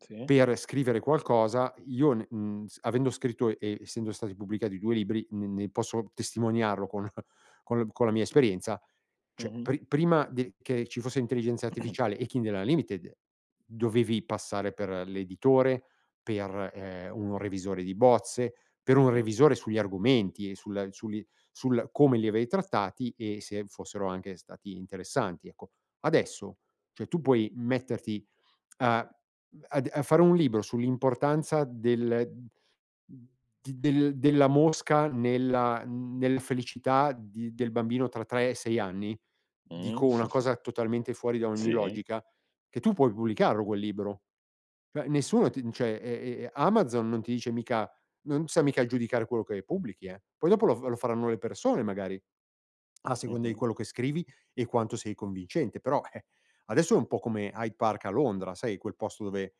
Sì. Per scrivere qualcosa io, ne mhmm, s avendo scritto e essendo stati pubblicati 2 libri ne ne posso testimoniarlo con con-con la mia esperienza, cioè Mh-mh. pri prima de che ci fosse intelligenza artificiale e Kindle Unlimited, dovevi passare per l'editore, per, ehm, un revisore di bozze, per un [unintelligible] revisore sugli argomenti e sul su li sul come li avevi trattati e se fossero anche stati interessanti, ecco. Adesso, cioè tu puoi metterti a, mhmm, ad a fare un libro sull'importanza del d del della mosca nella nella felicità di del bambino tra 3 e 6 anni, dico Mh. una cosa totalmente fuori da ogni Sì. logica, che tu puoi pubblicarlo quel libro. Cioè nessuno ti n cioè, e e e Amazon non ti dice mica non sta mica giudicare quello che pubblichi, eh. Poi dopo lo f lo faranno le persone magari a seconda di Mh-mh. quello che scrivi e quanto sei convincente. Però, eh, adesso è un po' come High Park a Londra, sai, quel posto dove,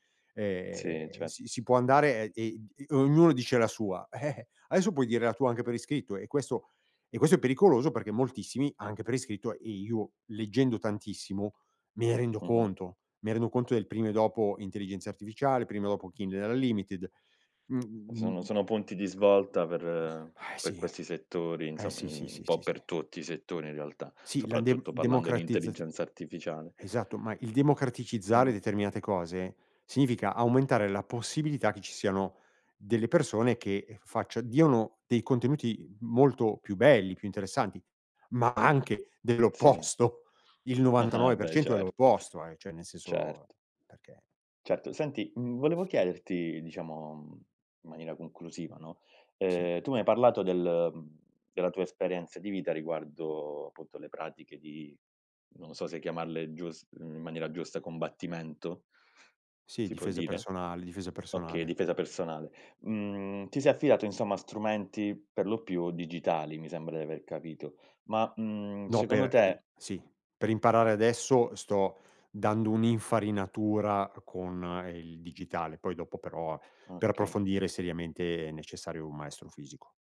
Sì. ehm, Cer si si può andare e e d e ognuno dice la sua. Eh eh. Adesso puoi dire la tua anche per iscritto e questo e questo è pericoloso, perché moltissimi anche per iscritto, e io leggendo tantissimo, me ne rendo Mh-mh. conto, me ne rendo conto del prima e dopo intelligenza artificiale, prima e dopo Kindle Unlimited, Sono mhmm sono punti di svolta per Eh per sì. questi settori, Eh, insomma, sì, sì, uhm, un sì, po' sì, si. per tutti i settori in realtà, Sì, la soprattutto parlando di de-democratizzaz intelligenza artificiale. esatto, ma il democraticizzare Im determinate cose, significa aumentare la possibilità che ci siano delle persone che, ehm, faccia diano dei contenuti molto più belli, più interessanti, ma anche Sì. dell'opposto. Il Ah-ah. novantanove per Beh cento è certo. l'opposto, eh, cioè nel senso, Certo. perché Certo. Senti, uhm, volevo chiederti diciamo, mhmm, in maniera conclusiva, no, Sì. ehm, tu mi hai parlato del della tua esperienza di vita riguardo appunto le pratiche di, non so se chiamarle, giust in maniera giusta, combattimento? Sì, Si può difesa dire? personal difesa Okay, personale. difesa personale. Mhmm, ti sei affidato insomma a strumenti per lo più digitali, mi sembra di aver capito, ma, uhm, No, secondo per ad te sì, per imparare adesso, sto dando un'infarinatura con, ehm, il digitale. Poi dopo però per Okay. approfondire seriamente è necessario un maestro fisico.